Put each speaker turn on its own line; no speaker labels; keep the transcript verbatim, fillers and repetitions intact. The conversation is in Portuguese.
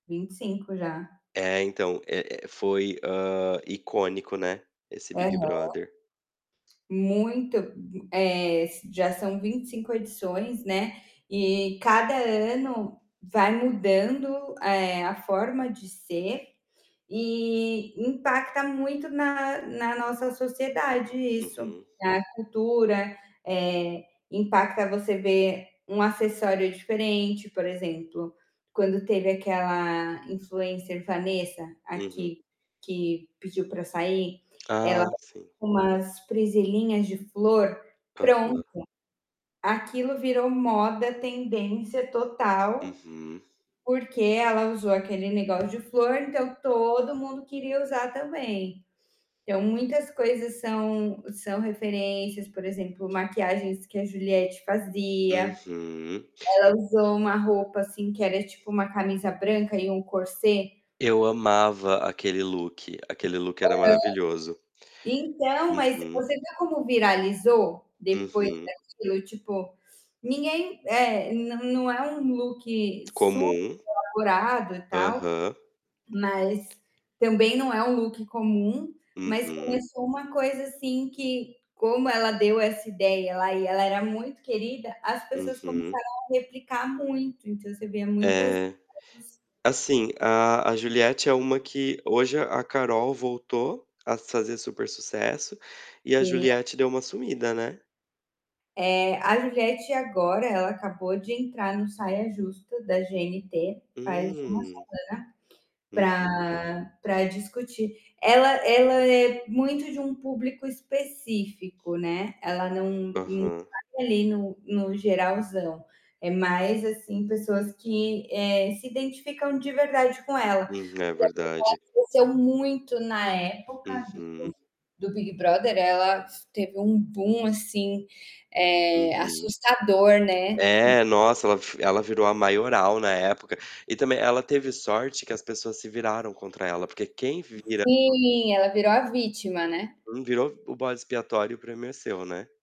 vinte e cinco já.
É, então, eh eh, foi, hã, icônico, né, esse
Aham.
Big Brother.
Muito, hu eh, s já são vinte e cinco edições, né, e cada ano vai mudando, eh, a forma de ser e impacta muito na na nossa sociedade isso,
Uhum.
na cultura, eh, impacta você ver um acessório diferente, por exemplo, quando teve aquela influencer Vanessa, a
Uhum.
que que pediu pra sair, ela
Ah,
[unintelligible]
sim.
umas presilhinhas de flor, pronto,
Aham.
aquilo virou moda, tendência total,
Uhum.
porque ela usou aquele negócio de flor, então, todo mundo queria usar também. Então, muitas coisas são são referências, por exemplo, maquiagens que a Juliette fazia,
Uhum.
ela usou uma roupa, assim, que era tipo uma camisa branca e um corset.
Eu amava aquele look. Aquele look era
Aham.
maravilhoso.
Então, mas
Uhum.
você vê como viralizou depois
Uhum.
daquilo? Tipo, ninguém é, não não é um look
Comum.
superelaborado e tal,
Aham.
mas também não é um look comum, mas
Uhum.
começou uma coisa, assim, que como ela deu essa ideia lá e ela era muito querida, as pessoas
Uhum.
começaram a replicar muito, então, você via muitas
É. Assim,
[unintelligible]
a a Juliette é uma que hoje a Carol voltou a fazer super sucesso e a
Sim.
Juliette deu uma sumida, né.
É, a Juliette agora, ela acabou de entrar no Saia Justa da GNT faz, uma
Hum! Uhum.
semana pra pra discutir. Ela ela é muito de um público específico, né, ela não não
Aham.
vai ali no no geralzão, é mais, assim, pessoas que, eh, se identificam de verdade com ela.
Hum. É verdade.
[unintelligible] cresceu muito, na época do
Uhum.
do Big Brother, ela s teve um boom, assim, eh,
Uhum.
assustador, né. Hum.
É, nossa, ela f ela virou a maioral na época e também, ela teve sorte que as pessoas se viraram contra ela, porque quem vira
Sim, ela virou a vítima, né.
Hum, virou o bode expiatório, o prêmio é seu, né.